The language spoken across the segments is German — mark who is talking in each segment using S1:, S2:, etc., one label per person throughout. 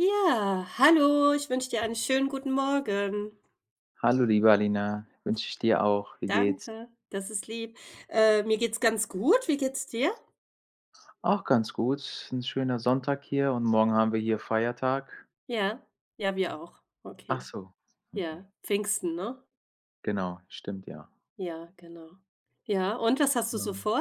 S1: Ja, hallo. Ich wünsche dir einen schönen guten Morgen.
S2: Hallo, liebe Alina, wünsche ich dir auch. Wie geht's?
S1: Danke, das ist lieb, äh, mir geht's ganz gut. Wie geht's dir?
S2: Auch ganz gut. Ist 'n schöner Sonntag hier und morgen haben wir hier Feiertag.
S1: Ja. Ja, wir auch.
S2: Ach
S1: Okay.
S2: so, okay.
S1: Ja, Pfingsten, ne?
S2: Genau, stimmt, ja.
S1: Ja, genau. Ja, und was hast du
S2: Ja.
S1: so vor?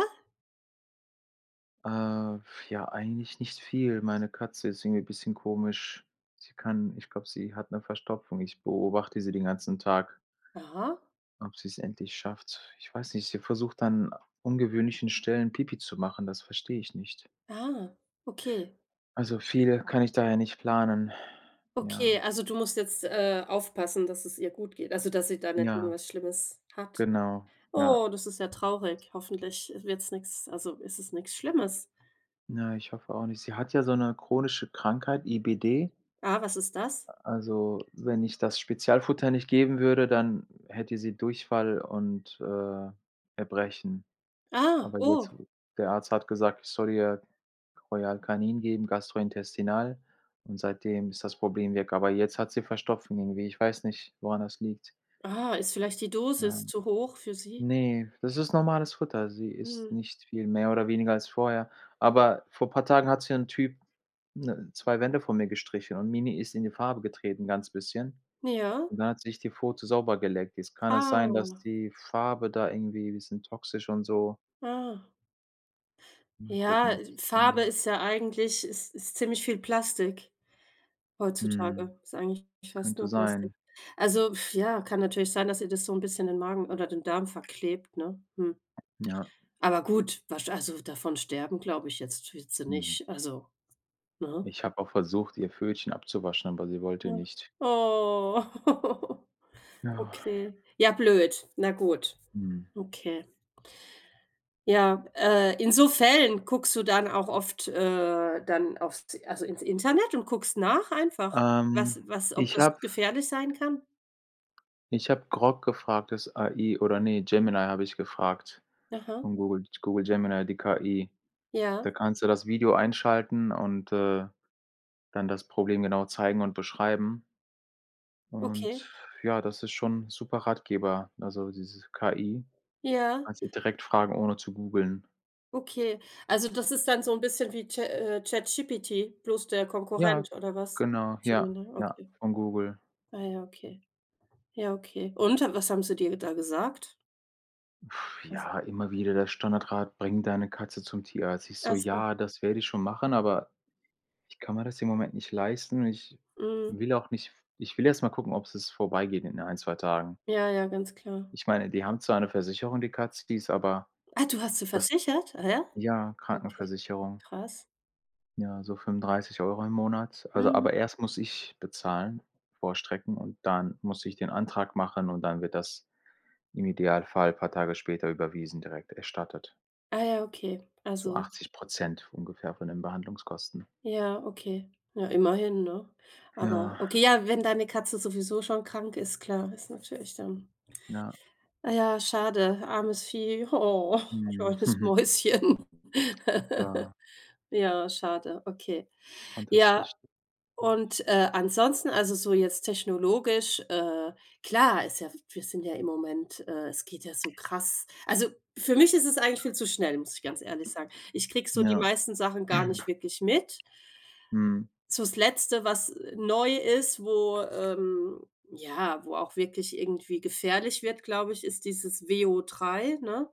S2: Äh, f ja, eigentlich nichts viel. Meine Katze ist irgendwie bisschen komisch. Sie kann ich glaube, sie hat 'ne Verstopfung. Ich beobachte sie den ganzen Tag.
S1: Aha.
S2: Ob sie's endlich schafft. Ich weiß nicht, sie versucht an ungewöhnlichen Stellen Pipi zu machen, das verstehe ich nicht.
S1: Ah, okay.
S2: Also viel kann ich da ja nicht planen. Ja.
S1: Okay, also du musst jetzt, äh, aufpassen, dass es ihr gut geht, also dass sie da nicht
S2: Ja.
S1: irgendwas Schlimmes hat.
S2: Genau, ja.
S1: Oh, das ist ja traurig, hoffentlich wird's nix also ist es nix Schlimmes.
S2: Na, ich hoffe auch nicht. Sie hat ja so 'ne chronische Krankheit, IBD.
S1: Ah, was ist das?
S2: A also, wenn ich das Spezialfutter nicht geben würde, dann hätte sie Durchfall und, äh, Erbrechen.
S1: Ah,
S2: Aber jetzt
S1: oh.
S2: der Arzt hat gesagt, ich soll ihr Royal Canin geben, gastrointestinal, und seitdem ist das Problem weg. Aber jetzt hat sie Verstopfung, irgendwie. Ich weiß nicht, woran das liegt.
S1: Ah, ist vielleicht die Dosis
S2: [unintelligible]
S1: zu hoch für sie?
S2: Ne, das ist normales Futter. Sie isst
S1: Mhm.
S2: nicht viel mehr oder weniger als vorher. Aber vor paar Tagen hat hier 'n Typ, ne, 2 Wände von mir gestrichen und Mini ist in die Farbe getreten, ganz bisschen.
S1: Ja.
S2: Und dann hat sie sich die Pfote sauber geleckt. Jetzt kann das sein, dass
S1: Ah.
S2: die Farbe da irgendwie 'n bisschen toxisch und so.
S1: Ah.
S2: Mal
S1: Ja,
S2: gucken,
S1: äh,
S2: ob‘s da
S1: Farbe ist ja eigentlich ist ist ziemlich viel Plastik,
S2: Mhm.
S1: heutzutage. Ist eigentlich fast
S2: Könnte
S1: nur Plastik.
S2: sein.
S1: Also f ja, kann natürlich sein, dass ihr das so 'n bisschen den Magen oder den Darm verklebt, ne? Hm.
S2: Ja.
S1: Aber gut, was also davon sterben, glaube ich jetzt wird sie
S2: Mhm.
S1: nicht. Also, ne?
S2: Ich habe auch versucht, ihr Pfötchen abzuwaschen, aber sie wollte
S1: Ja.
S2: nicht.
S1: Oh.
S2: Ja.
S1: Okay. Ja, blöd. Na gut.
S2: Mhm.
S1: Okay. Ja, äh, in so Fällen guckst du dann auch oft, äh, dann auf‘s also ins Internet und guckst nach einfach?
S2: Ähm,
S1: Was was ob
S2: ich
S1: das
S2: habe
S1: gefährlich sein kann?
S2: ich habe Grok gefragt, das AI oder nein, Gemini habe ich gefragt
S1: Aha.
S2: von Google Google Gemini, die KI.
S1: Ja.
S2: Da kannst du das Video einschalten und, äh, dann das Problem genau zeigen und beschreiben.
S1: Okay.
S2: Und, ja, das ist schon super Ratgeber, also dieses KI.
S1: Ja.
S2: Kannst du direkt fragen, ohne zu googeln.
S1: Okay. Also das ist dann so 'n bisschen wie Cha äh, ChatGPT, bloß der Konkurrent
S2: Ja,
S1: oder was?
S2: genau, ja,
S1: Gemini,
S2: ja,
S1: okay.
S2: von Google.
S1: Ah ja, okay. Ja, okay. Und, äh, was haben sie dir da gesagt? Was?
S2: Ja, immer wieder der Standardrat, bring deine Katze zum Tierarzt. Ich so:
S1: Ach so.
S2: „Ja, das werde ich schon machen.“ Aber ich kann mir das im Moment nicht leisten und ich
S1: Mhm.
S2: will auch nicht f ich will erst mal gucken, ob's es vorbei geht in 1, 2 Tagen.
S1: Ja, ja, ganz klar.
S2: Ich meine, die haben zwar 'ne Versicherung, die Katze, die ist, aber
S1: Ah, du hast sie
S2: das,
S1: versichert? Ah ja?
S2: ja,
S1: Okay,
S2: Krankenversicherung.
S1: krass.
S2: Ja, so 35 € im Monat. Also
S1: Mhm.
S2: aber erst muss ich bezahlen, vorstrecken und dann muss ich den Antrag machen und dann wird das im Idealfall paar Tage später überwiesen, direkt erstattet.
S1: Ah ja, okay.
S2: So
S1: Also
S2: 80 % ungefähr von den Behandlungskosten.
S1: Ja, okay. Na, immerhin, ne? Aber
S2: Ja.
S1: okay, ja, wenn deine Katze sowieso schon krank ist, klar, ist natürlich dann
S2: Ja.
S1: Ah ja, schade, armes Vieh. Oh,
S2: Mhm.
S1: kleines Mäuschen.
S2: Ja.
S1: Ja, schade. Okay.
S2: Und das.
S1: Ja.
S2: [unintelligible]
S1: Und, äh, ansonsten also so jetzt technologisch, äh klar, ist ja w wir sind ja im Moment, äh es geht ja so krass. Also, für mich ist es eigentlich viel zu schnell, muss ich ganz ehrlich sagen. Ich kriege so die
S2: Ja.
S1: meisten Sachen gar nicht wirklich mit.
S2: Mhm.
S1: So das letzte, was, äh, neu ist, wo, ähm ja, wo auch wirklich irgendwie gefährlich wird, glaube ich, ist dieses WO3, ne?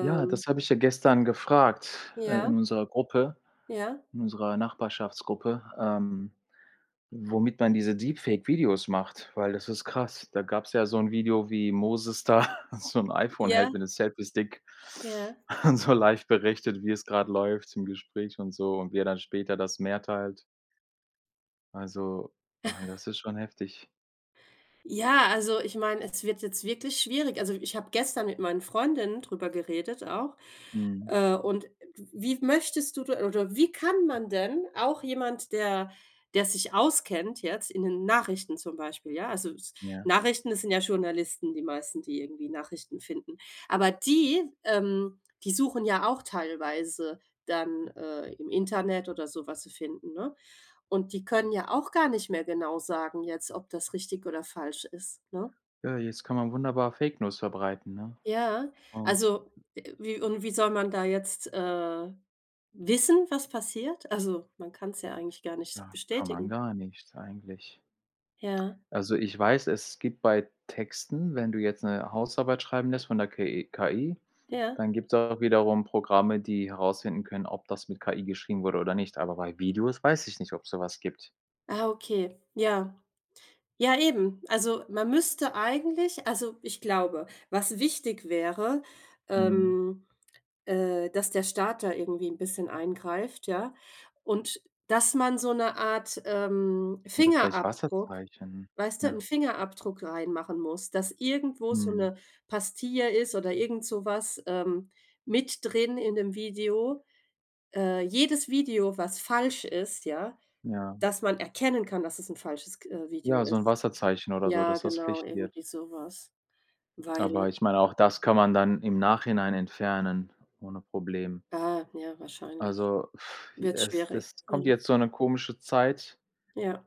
S2: Ja, das habe ich ja gestern gefragt, äh,
S1: Ja.
S2: in unserer Gruppe
S1: Ja.
S2: in unserer Nachbarschaftsgruppe, ähm, womit man diese Deep Fake Videos macht, weil das ist krass. Da gab's ja so 'n Video, wie Moses da so 'n iPhone
S1: Ja.
S2: hält mit 'nem Selfiestick.
S1: Ja.
S2: Und so live berichtet, wie es grad läuft im Gespräch und so und wie er dann später das Meer teilt. Also, äh, das ist schon heftig.
S1: Ja, also ich meine, es wird jetzt wirklich schwierig. Also ich habe gestern mit meinen Freundinnen drüber geredet auch.
S2: Mhm.
S1: Äh, und w wie möchtest du da oder wie kann man denn auch jemand, der der sich auskennt jetzt in den Nachrichten zum Beispiel, ja, also s
S2: Ja.
S1: Nachrichten, das sind ja Journalisten die meisten, die irgendwie Nachrichten finden. Aber die ähm, die suchen ja auch teilweise dann, äh, im Internet oder so was sie finden, ne? Und die können ja auch gar nicht mehr genau sagen jetzt, ob das richtig oder falsch ist, ne?
S2: Ja, jetzt kann man wunderbar Fake-News verbreiten, ne?
S1: Ja,
S2: Und
S1: also, äh, wie und wie soll man da jetzt, äh, wissen, was passiert? Also, man kann's ja eigentlich gar nicht
S2: Tja, kann man
S1: bestätigen.
S2: gar nichts eigentlich.
S1: Ja.
S2: Also ich weiß, es gibt bei Texten, wenn du jetzt 'ne Hausarbeit schreiben lässt von der KE KI,
S1: Ja.
S2: dann gibt's auch wiederum Programme, die herausfinden können, ob das mit KI geschrieben wurde oder nicht. Aber bei Videos weiß ich nicht, ob's sowas gibt.
S1: Ah okay. Ja. Ja, eben. Also man müsste eigentlich also, ich glaube, was wichtig wäre,
S2: Mhm.
S1: ähm, äh, dass der Staat da irgendwie 'n bisschen eingreift, ja? Und, dass man so 'ne Art, ähm,
S2: Oder vielleicht
S1: Fingerabdruck,
S2: Wasserzeichen,
S1: weißt du 'n
S2: ja.
S1: Fingerabdruck reinmachen muss, dass irgendwo so
S2: Mhm.
S1: 'ne Pastilla ist oder irgend sowas, ähm, mit drin in 'nem Video. Äh, jedes Video, was falsch ist, ja
S2: Ja.
S1: dass man erkennen kann, dass es 'n falsches k äh, Video
S2: Ja, so 'n
S1: ist.
S2: Wasserzeichen oder so,
S1: Ja,
S2: dass das
S1: genau,
S2: Pflicht wird.
S1: irgendwie sowas. Weil
S2: Aber ich meine, auch das kann man dann im Nachhinein entfernen, ohne Problem.
S1: Ah, ja, wahrscheinlich.
S2: Also,
S1: Wird
S2: es
S1: schwierig,
S2: das kommt
S1: ja.
S2: jetzt so 'ne komische Zeit
S1: Ja.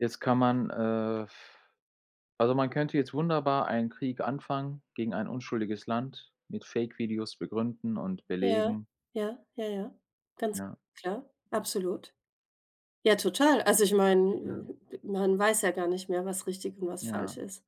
S2: Jetzt kann man, äh also man könnte jetzt wunderbar einen Krieg anfangen, gegen ein unschuldiges Land mit Fake-Videos begründen und
S1: Ja,
S2: belegen.
S1: ja, ja, ja. Ganz
S2: Ja.
S1: klar. Absolut. Ja, total. Also, ich meine,
S2: Ja.
S1: m man weiß ja gar nicht mehr, was richtig und was
S2: Ja.
S1: falsch ist.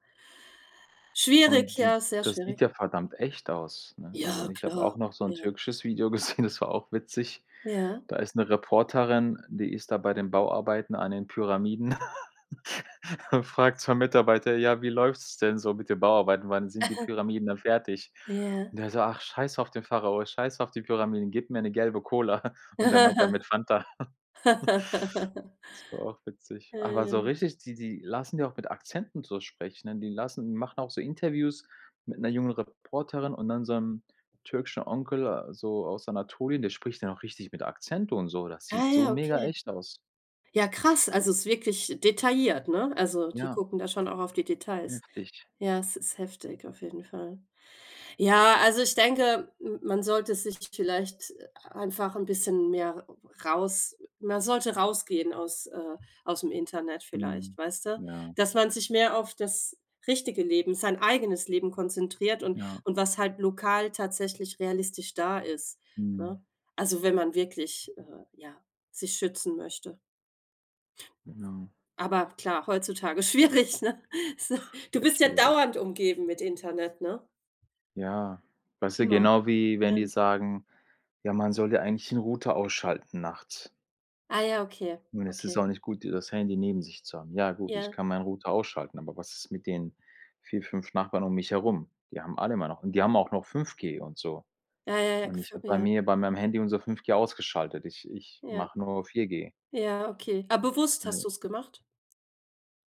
S1: Schwierig,
S2: Und die
S1: ja, sehr
S2: das
S1: schwierig.
S2: sieht ja verdammt echt aus, ne? Also
S1: Ja,
S2: ich habe
S1: klar.
S2: auch noch so 'n
S1: Ja.
S2: türkisches Video gesehen, das war auch witzig.
S1: Ja.
S2: Da ist 'ne Reporterin, die ist da bei den Bauarbeiten an den Pyramiden und fragt 2 Mitarbeiter: „Ja, wie läuft's denn so mit den Bauarbeiten? Wann sind die Pyramiden dann fertig?"
S1: Ja.
S2: Und der so: „Ach scheiß auf den Pharao, scheiß auf die Pyramiden, gib mir 'ne gelbe Cola." Und der meint damit Fanta. Das war auch witzig.
S1: Ja,
S2: Aber so
S1: ja.
S2: richtig die die lassen ja auch mit Akzenten so sprechen, die lassen die machen auch so Interviews mit 'ner jungen Reporterin und dann so 'nem türkischen Onkel so aus Anatolien, der spricht dann auch richtig mit Akzent und so, das sieht
S1: Ah
S2: so
S1: ja,
S2: mega
S1: okay.
S2: echt aus.
S1: Ja, krass, also ist wirklich detailliert, ne? Also die
S2: Ja.
S1: gucken da schon auch auf die Details.
S2: Heftig.
S1: Ja, es ist heftig, auf jeden Fall. Ja, also ich denke, m man sollte sich vielleicht einfach 'n bisschen mehr raus man sollte rausgehen aus, äh ausm Internet vielleicht,
S2: Mhm.
S1: weißt du,
S2: Ja.
S1: dass man sich mehr auf das richtige Leben, sein eigenes Leben konzentriert und
S2: Ja.
S1: und was halt lokal tatsächlich realistisch da ist,
S2: Mhm.
S1: ne? Also wenn man wirklich, äh, ja, sich schützen möchte.
S2: Genau.
S1: Aber klar, heutzutage schwierig, ne, so Du
S2: Sehr
S1: bist ja
S2: schwierig.
S1: dauernd umgeben mit Internet, ne?
S2: Ja, weißt du
S1: Immer,
S2: genau wie, wenn
S1: ja.
S2: die sagen: „Ja, man soll ja eigentlich 'n Router ausschalten nachts.“
S1: Ah ja, okay,
S2: Und es ist
S1: okay.
S2: auch nicht gut, hier das Handy neben sich zu haben. Ja, gut, ich
S1: Ja.
S2: kann meinen Router ausschalten, aber was ist mit den 4, 5 Nachbarn um mich herum? Die haben alle immer noch und die haben auch noch 5G und so.
S1: Ja, ja, ja,
S2: Und
S1: gef
S2: ich habe bei
S1: ja.
S2: mir bei meinem Handy unser 5G ausgeschaltet. Ich ich
S1: Ja.
S2: mache nur noch 4G.
S1: Ja, okay, ah, bewusst hast
S2: Ne.
S1: du es gemacht?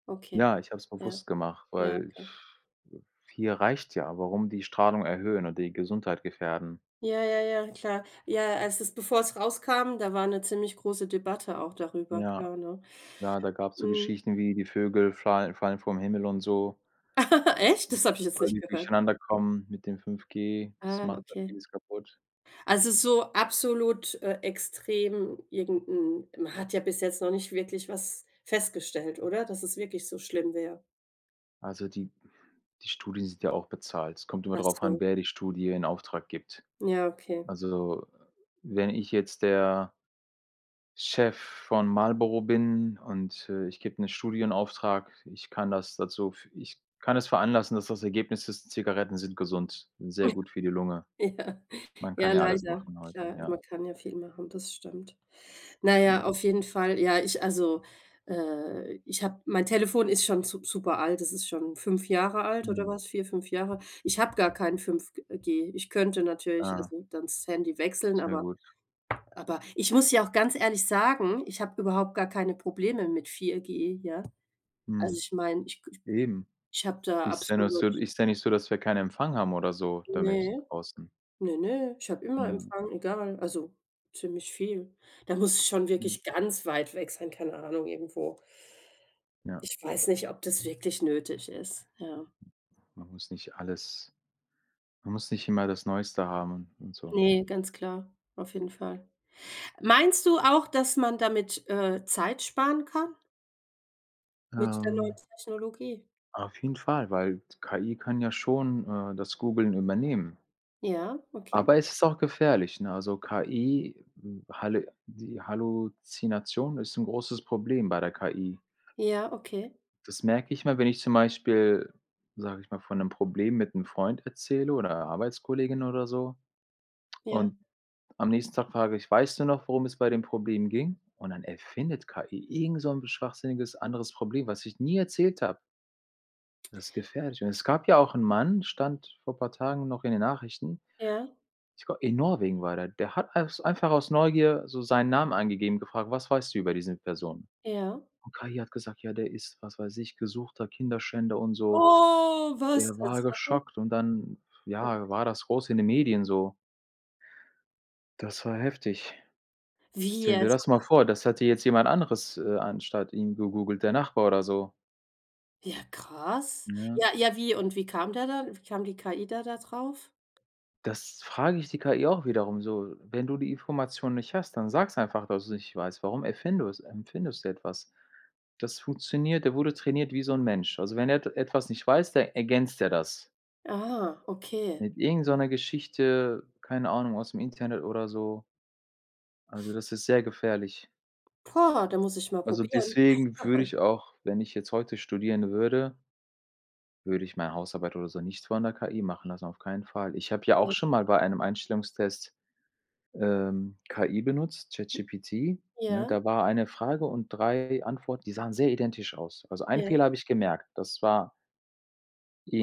S1: Okay.
S2: Ja, ich habe es
S1: Ja.
S2: bewusst gemacht
S1: Ja,
S2: weil
S1: okay.
S2: f äh, 4 reicht ja. Warum die Strahlung erhöhen und die Gesundheit gefährden?
S1: Ja, ja, ja, klar. Ja, als es bevor es rauskam, da war 'ne ziemlich große Debatte auch darüber
S2: Ja.
S1: klar, ne?
S2: Ja, da gab's so
S1: Mhm.
S2: Geschichten wie die Vögel flal fallen vom Himmel und so
S1: Echt?
S2: [unintelligible]
S1: Das habe ich jetzt
S2: weil
S1: nicht
S2: die
S1: gehört.
S2: durcheinander kommen mit dem 5G, das
S1: Ah,
S2: macht auch
S1: okay.
S2: vieles kaputt.
S1: Also, so absolut, äh, extrem irgend 'n man hat ja bis jetzt noch nicht wirklich was festgestellt, oder? Dass es wirklich so schlimm wäre?
S2: Also, die die Studien sind ja auch bezahlt. Es kommt immer darauf an,
S1: Achso.
S2: wer die Studie in Auftrag gibt.
S1: Ja, okay.
S2: Also, wenn ich jetzt der Chef von Marlboro bin und, äh, ich gebe 'ne Studienauftrag. Ich kann das dazu f ich kann das veranlassen, dass das Ergebnis ist: Zigaretten sind gesund n sehr gut für die Lunge.
S1: Ja.
S2: Man kann
S1: Ja,
S2: ja alles
S1: leider,
S2: machen heute,
S1: klar,
S2: ja.
S1: man kann ja viel machen, das stimmt. Na ja,
S2: Ja.
S1: auf jeden Fall, ja, ich also, äh ich habe mein Telefon ist schon sup super alt, das ist schon 5 Jahre alt oder
S2: Mhm.
S1: was? 4, 5 Jahre. Ich habe gar kein 5G G. Ich könnte natürlich,
S2: Ja.
S1: also, dann das Handy wechseln,
S2: Sehr
S1: aber
S2: gut.
S1: aber ich muss ja auch ganz ehrlich sagen, ich habe überhaupt gar keine Probleme mit 4G, ja? Also
S2: Mhm.
S1: ich meine, ich k ich
S2: Eben.
S1: ich habe da
S2: Ist ja nur
S1: absolut
S2: so ist ja nicht so, dass wir keinen Empfang haben oder so damit
S1: Ne,
S2: draußen?
S1: ne, ne, ich habe immer
S2: Ja.
S1: Empfang, egal also, ziemlich viel. Da muss ich schon
S2: Ja.
S1: wirklich ganz weit weg sein, keine Ahnung, irgendwo
S2: Ja.
S1: Ich weiß nicht, ob das wirklich nötig ist, ja?
S2: Man muss nicht alles man muss nicht immer das Neueste haben und so.
S1: Ne, ganz klar. Auf jeden Fall. Meinst du auch, dass man damit, äh, Zeit sparen kann? Mit der neuen
S2: Ähm
S1: Technologie.
S2: auf jeden Fall, weil KI kann ja schon, äh, das Googeln übernehmen.
S1: Ja, okay.
S2: Aber, es ist auch gefährlich, ne, also KI, hm, Halle die Halluzination ist 'n großes Problem bei der KI.
S1: Ja, okay.
S2: Das merke ich immer, wenn ich zum Beispiel, sage ich mal, von 'nem Problem mit 'm Freund erzähle oder Arbeitskollegin oder so
S1: Ja.
S2: und am nächsten Tag frage ich: „Weißt du noch, worum es bei dem Problem ging?“ Und, dann erfindet KI irgend so ‘n schwachsinniges anderes Problem, was ich nie erzählt habe. Das ist gefährlich und es gab ja auch 'n Mann, stand vor paar Tagen noch in den Nachrichten,
S1: Ja.
S2: ich g in Norwegen war der, der hat als einfach aus Neugier so seinen Namen angegeben und gefragt: „Was weißt du über diese Person?“
S1: Ja.
S2: Und, KI hat gesagt: „Ja, der ist“ was weiß ich, gesuchter Kinderschänder und so.“
S1: Oh, was
S2: Der war
S1: [unintelligible]
S2: geschockt und dann
S1: Punkt.
S2: ja, war das groß in den Medien so. Das war heftig.
S1: Wie
S2: Stelle dir
S1: jetzt?
S2: das mal
S1: [unintelligible]
S2: vor, das hätte jetzt jemand anderes, äh, anstatt ihm gegoogelt, der Nachbar oder so?
S1: Ja, krass.
S2: Ja.
S1: Ja, ja, wie und wie kam der dann wie kam die KI da da drauf?
S2: Das frage ich die KI auch wiederum so, wenn du die Information nicht hast, dann sag's einfach, dass du's nicht weißt. Warum erfindus erfindest du etwas? Das funktioniert, der wurde trainiert wie so 'n Mensch. Also, wenn er et etwas nicht weiß, de ergänzt der das.
S1: Ah, okay.
S2: Mit irgend so 'ner Geschichte keine Ahnung, aus'm Internet oder so. Also das ist sehr gefährlich.
S1: Poah, da muss ich mal
S2: Also
S1: probieren.
S2: deswegen würde ich auch wenn ich jetzt heute studieren würde würde ich meine Hausarbeit oder so nicht von der KI machen lassen, auf keinen Fall. Ich habe ja auch
S1: Ja.
S2: schon mal bei einem Einstellungstest, ähm, KI benutzt,
S1: [unintelligible]
S2: ChatGPT, ne,
S1: Ja.
S2: da war eine Frage und 3 Antworten, die sahen sehr identisch aus. Also, einen
S1: Ja.
S2: Fehler habe ich gemerkt. Das war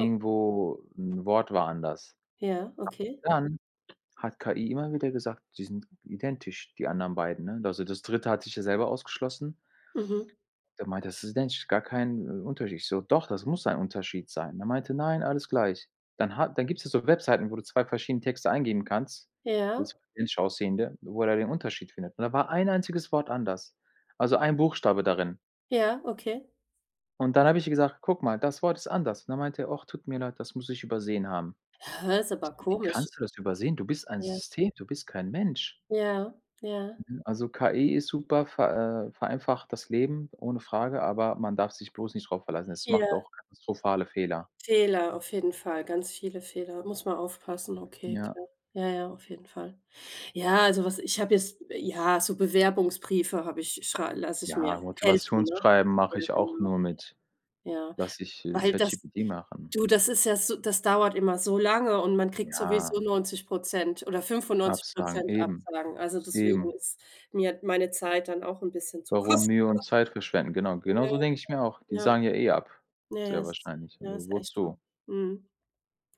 S1: Oh.
S2: 'n Wort war anders.
S1: Ja, okay.
S2: A dann hat KI immer wieder gesagt, die sind identisch, die anderen beiden, ne? Also, das Dritte hat sich ja selber ausgeschlossen.
S1: Mhm
S2: Da meinte er: „Das ist identisch, gar kein, äh, Unterschied.“ Ich so: „Doch, das muss ein Unterschied sein“. Der meinte: „Nein, alles gleich.“ Dann hat dann gibt's ja so Webseiten, wo du 2 verschiedene Texte eingeben kannst, das
S1: Ja.
S2: so [unintelligible] aussehende wo er da den Unterschied findet. Und da war ein einziges Wort anders. Also ein Buchstabe darin.
S1: Ja, okay.
S2: Und dann habe ich ihr gesagt: „Guck mal, das Wort ist anders.” Und dann meinte er: „Ach, tut mir leid, das muss ich übersehen haben.“
S1: Hä, ist aber
S2: Wie
S1: komisch.
S2: kannst du das übersehen? Du bist ein
S1: Ja.
S2: System, du bist kein Mensch.
S1: Ja, ja.
S2: Mhm. Also KI ist super ver äh, vereinfacht das Leben ohne Frage, aber man darf sich bloß nicht drauf verlassen. Es macht
S1: Ja.
S2: auch katastrophale Fehler.
S1: Fehler, auf jeden Fall, ganz viele Fehler. Muss man aufpassen. Okay,
S2: Ja.
S1: klar. Ja, ja, auf jeden Fall. Ja, also was ich habe jetzt ja, so Bewerbungsbriefe habe ich schrei lasse ich mir
S2: Ja,
S1: helfen, ne?
S2: Motivationsschreiben mache
S1: Ja,
S2: ich auch
S1: genau.
S2: nur mit
S1: Ja.
S2: lasse ich, äh,
S1: Weil das
S2: ChatGPT machen.
S1: du, das ist ja so das dauert immer so lange und man kriegt
S2: Ja.
S1: sowieso 90 % oder fünfundneunzig
S2: Absagen,
S1: Prozent
S2: eben.
S1: Absagen. Also, deswegen
S2: Eben.
S1: ist mir meine Zeit dann auch 'n bisschen zu
S2: Warum Mühe und
S1: kostbar.
S2: Zeit verschwenden? Genau, genau
S1: Ja,
S2: so denke ich mir auch. Die
S1: klar.
S2: sagen ja eh ab,
S1: Ja. Ja, ja,
S2: sehr
S1: es
S2: wahrscheinlich,
S1: i ja,
S2: also
S1: ist echt so.
S2: wozu?
S1: Mhm.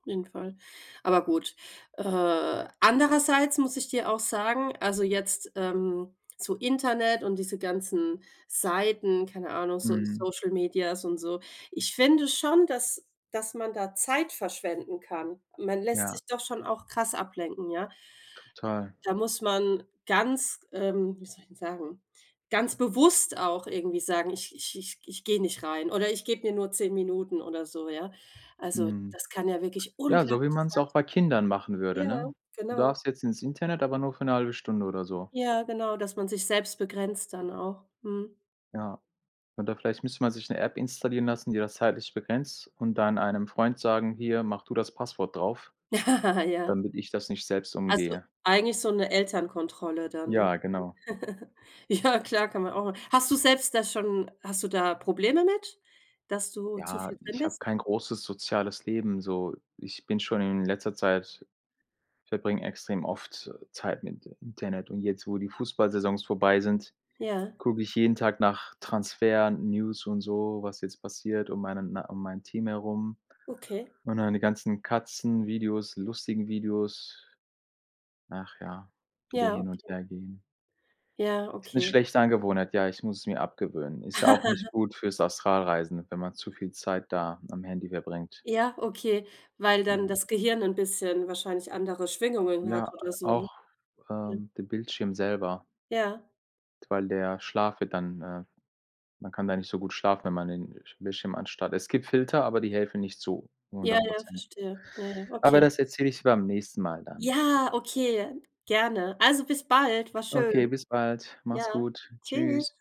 S1: Auf jeden Fall. Aber gut, äh, andererseits muss ich dir auch sagen, also jetzt, ähm, so Internet und diese ganzen Seiten, keine Ahnung, so
S2: Mhm.
S1: Social Media und so. Ich finde schon, dass dass man da Zeit verschwenden kann. Man lässt
S2: Ja.
S1: sich doch schon auch krass ablenken, ja.
S2: Total.
S1: Da muss man ganz, ähm, wie soll ich denn sagen, ganz bewusst auch irgendwie sagen: „Ich ich ich ich gehe nicht rein, oder ich gebe mir nur 10 Minuten oder so.”, ja. Also,
S2: Mhm.
S1: das kann ja wirklich
S2: Ja, so wie
S1: unglaublich
S2: man's auch
S1: Zeit
S2: bei Kindern machen würde,
S1: Ja,
S2: ne? „Du
S1: genau.
S2: darfst jetzt ins Internet, aber nur für 'ne halbe Stunde oder so.”
S1: Ja, genau, dass man sich selbst begrenzt dann auch, mhm.
S2: Ja. Oder vielleicht müsste man sich 'ne App installieren lassen, die das zeitlich begrenzt und dann einem Freund sagen: „Hier, mach du das Passwort drauf,
S1: Ja.
S2: damit ich das nicht selbst
S1: Also
S2: umgehe.“
S1: eigentlich so 'ne Elternkontrolle dann, ne?
S2: Ja, genau.
S1: Ja, klar, kann man auch machen. Hast du selbst da schon hast du da Probleme mit, dass du zu
S2: Ja,
S1: viel drin
S2: ich habe
S1: bist?
S2: kein großes soziales Leben, so. Ich bin schon in letzter Zeit verbringe extrem oft Zeit mit Internet und jetzt, wo die Fußballsaisons vorbei sind,
S1: Ja.
S2: gucke ich jeden Tag nach Transfer, News und so, was jetzt passiert, um meinen äh, um mein Team herum
S1: Okay.
S2: und dann die ganzen Katzenvideos, lustigen Videos. Ach ja, wieder
S1: Ja,
S2: hin und
S1: okay.
S2: her gehen.
S1: Ja,
S2: Ist 'ne
S1: okay.
S2: schlechte Angewohnheit, ja, ich muss es mir abgewöhnen. Ist ja auch nicht gut fürs Astralreisen, wenn man zu viel Zeit da am Handy verbringt.
S1: Ja, okay. Weil
S2: Ja.
S1: dann das Gehirn 'n bisschen wahrscheinlich andere Schwingungen hat
S2: Ja, äh,
S1: oder so, ne?
S2: auch,
S1: Ja.
S2: ähm, den Bildschirm selber.
S1: Ja.
S2: Weil der Schlaf wird dann, äh man kann da nicht so gut schlafen, wenn man den, äh, Bildschirm anstarrt. Es gibt Filter, aber die helfen nicht zu
S1: Ja,
S2: hundert
S1: ja,
S2: Prozent.
S1: verstehe. Ja, ja,
S2: Aber
S1: okay.
S2: das erzähle ich dir beim nächsten Mal dann.
S1: Ja, okay. Gerne. Also bis bald, war
S2: Okay,
S1: schön.
S2: bis bald. Mach's
S1: Ja.
S2: gut.
S1: Tschüss.
S2: Tschüss.